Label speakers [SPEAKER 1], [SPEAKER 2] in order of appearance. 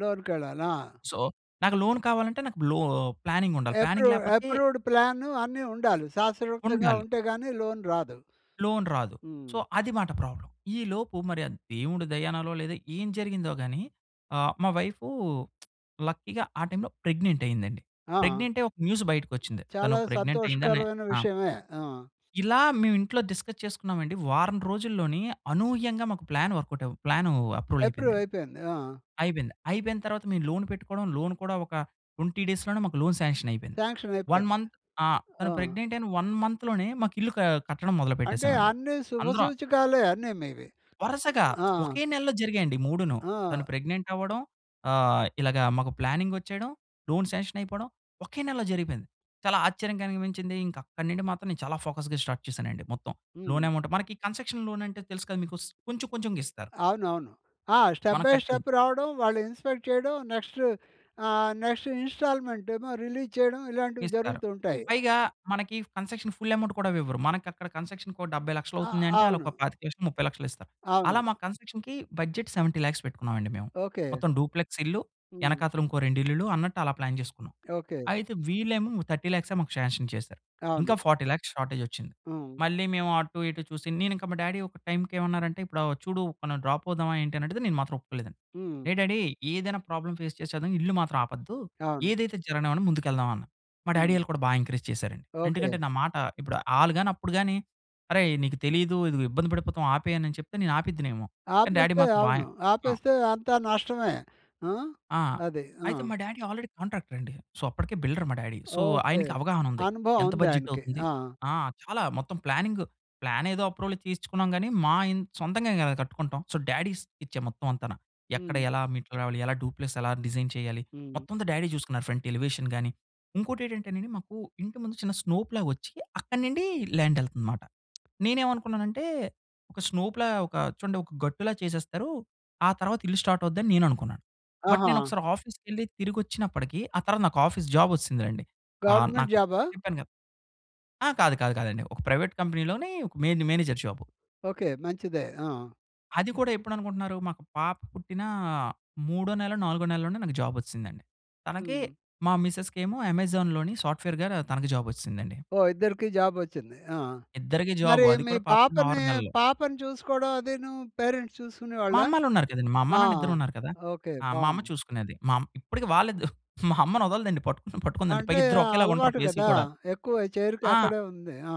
[SPEAKER 1] లోనుకెళ్ళాలి. ఆ!
[SPEAKER 2] సో, నాకు లోన్ కావాలంటే, నాకు బ్లో ఆహ్, ప్లానింగుండాలి, ప్లానింగ్
[SPEAKER 1] ఎప్రూవ్
[SPEAKER 2] లేపోతే
[SPEAKER 1] ఎప్రూవ్డ్ ప్లాను అన్ని ఉండాలి. శాస్రవిక్తంగా
[SPEAKER 2] ఉండాలి.
[SPEAKER 1] ఉంటే గానీ లోన్ రాదు.
[SPEAKER 2] లోన్ రాదు.
[SPEAKER 1] హ్మ్.
[SPEAKER 2] సో, అది మాట ప్రాబ్లమ్. ఈ లోపు మరి ఆ దేవుడి దయనాలో లేదో, ఏం జరిగిందో గానీ, ఆహ్, మా వైఫు లక్కీగా ఆ టైంలో ప్రెగ్నెంటయ్యిందండి.
[SPEAKER 1] ఆ!
[SPEAKER 2] ప్రెగ్నెంటై ఒక న్యూసు బయటికొచ్చిందే, తను
[SPEAKER 1] చాలా
[SPEAKER 2] ప్రెగ్నెంటయ్యిందనే
[SPEAKER 1] సంతోషకరమైన
[SPEAKER 2] ఆ!
[SPEAKER 1] విషయమే. ఆ!
[SPEAKER 2] ఇలా మేమింట్లో డిస్కస్ చేసుకున్నామండి, వారం రోజుల్లోని అనూహ్యంగా మాకు ప్లాన్ వర్కౌటవ్ ప్లానూ అప్రూవలయిపోయిందండి.
[SPEAKER 1] ఎప్రూవయిపోయింది. ఆ!
[SPEAKER 2] అయిపోయింద, అయిపోయిన తరువాత మేము లోన్ పెట్టుకోడం, లోన్ కూడా ఒక 20 డేస్‌ లోనే మాకు లోన్ సాంక్షనయిపోయింది. 1
[SPEAKER 1] సాంక్షనయిపోయింది.
[SPEAKER 2] మంత్ ఆ! తను
[SPEAKER 1] ఆ!
[SPEAKER 2] ప్రెగ్నెంటయిన 1 మంత్‌ లోనే మాకిల్లు క కట్టడం
[SPEAKER 1] అంటే
[SPEAKER 2] మొదలుపెట్టేసామండి.
[SPEAKER 1] అన్ని
[SPEAKER 2] అందరం
[SPEAKER 1] శుభసూచకాలే, అన్ని మీవి.
[SPEAKER 2] వరసగా,
[SPEAKER 1] ఆ!
[SPEAKER 2] ఒకే నెలలో జరిగాయండి మూడును. తను
[SPEAKER 1] ఆ!
[SPEAKER 2] ప్రెగ్నెంటవ్వడం, ఆహ్, ఇలగా మాకు ప్లానింగొచ్చేయడం, లోన్ సాంక్షనయిపోడం, ఒకే నెలలో జరిగిపోయింది. చాలా ఆశ్చర్యం కలిగించింది. ఇంకక్కడి నుండి మాత్రం, నేను చాలా ఫోకస్‌గా స్టార్ట్ చేసానండి మొత్తం.
[SPEAKER 1] హ్మ్.
[SPEAKER 2] లోన్ యమౌంటు మనకి కన్సక్షన్ లోనంటే తెలుసు కదా! మీకు స్ కొంచెం కొంచెంగిస్తారు.
[SPEAKER 1] అవునవును. ఆ! స్టెప్
[SPEAKER 2] మనం
[SPEAKER 1] బై
[SPEAKER 2] కట్టేది.
[SPEAKER 1] స్టెప్ రావడం, వాళ్ళు ఇన్స్‌పెక్ట్ చేయడం, నెక్స్టూ ఆహ్, నెక్స్టూ ఇన్‌స్టాల్‌మెంటేమో రిలీజ్ చేయడం, ఇలాంటివి
[SPEAKER 2] ఇస్తారు.
[SPEAKER 1] జరుగుతూ ఉంటాయి.
[SPEAKER 2] పైగా మనకీ కన్సెషను ఫుల్ యమౌంట్ కూడా ఇవ్వరు. మనకక్కడ కన్సక్షన్‌కో 70
[SPEAKER 1] ఆ!
[SPEAKER 2] లక్షలవుతుంది అంటే, ఆళ్ళోక
[SPEAKER 1] అవును.
[SPEAKER 2] 25,00,000 ముప్పై లక్షలిస్తారు. అలా
[SPEAKER 1] అవును.
[SPEAKER 2] మా కన్సక్షన్‌కీ బడ్జెట్ 70,00,000 పెట్టుకున్నామండి మేము.
[SPEAKER 1] ఓకే.
[SPEAKER 2] మొత్తం డూప్‌లెక్సిల్లు,
[SPEAKER 1] హ్మ్.
[SPEAKER 2] యెనకాతలుంకో రెండిళ్ళులు అన్నట్టలా ప్లాన్ జేసుకున్నాం.
[SPEAKER 1] ఓకే.
[SPEAKER 2] అయితే వీళ్ళేమో ము 30 ల్యాక్సే మాకు ష్యాన్షన్ చేసారు. ఇంకా
[SPEAKER 1] అవును.
[SPEAKER 2] 40,00,000 షార్టేజొచ్చింది.
[SPEAKER 1] హ్మ్.
[SPEAKER 2] మళ్ళీ మేము అటు ఇటు చూసి, నేనింక మా డ్యాడీ ఒక టైంకేమన్నారంటే, "ఇప్పుడా వ చూడు, మనం డ్రాపవుదామా" ఏంటనడిగితే, నేను మాత్రం ఒప్పుకోలేదండి.
[SPEAKER 1] హ్మ్.
[SPEAKER 2] ఏ డ్యాడీ ఏదైనా ప్రాబ్లమ్ ఫేస్ చేసేద్దాం ఇల్లు మాత్రం ఆపొద్దు.
[SPEAKER 1] అవును.
[SPEAKER 2] ఏదైతది జరగనివ్వండి ముందుకెళ్దాం. అన్నా మా డ్యాడీ
[SPEAKER 1] హ్మ్.
[SPEAKER 2] యోళ్ళు కూడా బా ఎంకరేజ్ చేసారండి.
[SPEAKER 1] ఓకే.
[SPEAKER 2] ఎంటుకంటే, నా మాట ఇప్పుడు ఆళ్ళు గాని, అప్పుడు గాని, అరేయ్! నీకు తెలీదు. ఇదిగో ఇబ్బంది పడిపోతాం ఆపేయనని చెప్తే, నేనాపేద్దునేమో! కానీ డ్యాడీ
[SPEAKER 1] ఆపేస్తే
[SPEAKER 2] మాత్రం బా
[SPEAKER 1] అవును.
[SPEAKER 2] ఎన్ ఆ!
[SPEAKER 1] ఆపేస్తే అంతా నష్టమే. ఆ!
[SPEAKER 2] ఆ!
[SPEAKER 1] అది. ఆ!
[SPEAKER 2] అయితే మా డ్యాడీ ఆల్రెడీ కాంట్రాక్టరండి. సో, అప్పడికే బిల్డర్ మా డ్యాడీ. So,
[SPEAKER 1] okay.
[SPEAKER 2] ఆయనకి అవగాహనుంది.
[SPEAKER 1] అనుభవం
[SPEAKER 2] ఎంత
[SPEAKER 1] ఉందాయనకి.
[SPEAKER 2] బడ్జెటవుతుంది
[SPEAKER 1] ఆ!
[SPEAKER 2] ఆ! చాలా మొత్తం ప్లానింగు, ప్లానేదో అప్రూవల్‌ తీయించుకున్నాం గానీ, మా ఇన్ సొంతంగా గదా! కట్టుకుంటాం. సో, డ్యాడీ స్కెచ్చే మొత్తం అంతాన. ఎక్కడ
[SPEAKER 1] హ్మ్.
[SPEAKER 2] ఎలా మెట్లు రావాలి? ఎలా డూప్‌లెస్సెలా డిజైన్ చేయాలి?
[SPEAKER 1] హ్మ్.
[SPEAKER 2] మొత్తం అంతా డ్యాడీ చూసుకున్నారు. ఫ్రంట్ ఎలివేషన్ గాని, ఇంకోటేటంటేనండి మాకూ, ఇంటి ముందు చిన్న స్నోప్‌లా ఒచ్చి, అక్కడి నుండి ల్యాండెళ్తుంది మాట. నేనేమనుకున్నానంటే, ఒక స్నోప్‌లా ఒక చూడండొక గట్టులా చేసేస్తారు. ఆ తర్వాత ఇల్లు స్టార్టవుద్దని నేననుకున్నాను. బట్
[SPEAKER 1] ఆహా!
[SPEAKER 2] నేనొకసారి ఆఫీస్‌కెళ్లి, తిరిగొచ్చినప్పడికీ ఆ తర్వాత నాకాఫీస్ జాబొచ్చేసిందిలెండి. ఆహ్,
[SPEAKER 1] గవర్నమెంట్
[SPEAKER 2] నాకు
[SPEAKER 1] జాబా?
[SPEAKER 2] చెప్పాను గదా! ఆ! కాదు కాదు కాదండి. ఒక ప్రైవేట్ కంపెనీలోనీ ఒక మెయిన్‌ని మేనేజర్ జాబు.
[SPEAKER 1] ఓకే. మంచిదే. ఆ!
[SPEAKER 2] అది కూడా ఎప్పుడనుకుంటున్నారు, మాకు పాప పుట్టిన మూడో నెలో, నాలుగో నెలలోనే నాకు జాబొచ్చిసిందండి. తనకి
[SPEAKER 1] హ్మ్.
[SPEAKER 2] మా మిసెస్‌కేమో అమెజాన్‌లోని సాఫ్ట్‌వేర్‌గా రా తనకి జాబొచ్చిసిందండి.
[SPEAKER 1] ఓహ్! ఇద్దరికీ జాబొచ్చింది. ఆ!
[SPEAKER 2] ఇద్దరికీ జాబు,
[SPEAKER 1] మరి
[SPEAKER 2] అది
[SPEAKER 1] మీ
[SPEAKER 2] కూడా పాపకి
[SPEAKER 1] పాపనీ,
[SPEAKER 2] 6 నెలలు.
[SPEAKER 1] పాపని చూసుకోడం అదీనూ పేరెంట్స్
[SPEAKER 2] మా
[SPEAKER 1] చూసుకునేవాళ్ళా?
[SPEAKER 2] అమ్మాళ్ళున్నారు కదండీ! మా అమ్మ
[SPEAKER 1] ఆ!
[SPEAKER 2] నాన్న ఇద్దరున్నారు కదా!
[SPEAKER 1] ఓకే.
[SPEAKER 2] ఆ! మా అమ్మ
[SPEAKER 1] బావుంది.
[SPEAKER 2] చూసుకునేది. మా అమ్ ఇప్పడికీ వాల్లిద్దు మా అమ్మనొదలదండి పట్టుకుని పట్టుకుందంటే,
[SPEAKER 1] అంటే,
[SPEAKER 2] పైగిద్దరు
[SPEAKER 1] ఆహ్,
[SPEAKER 2] ఒకేలాగ ఉంటరు
[SPEAKER 1] అలవాటు
[SPEAKER 2] ఫేసులు
[SPEAKER 1] గదా!
[SPEAKER 2] కూడా.
[SPEAKER 1] ఎక్కువ చేరిక
[SPEAKER 2] ఆ!
[SPEAKER 1] అక్కడే ఉంది. ఆ!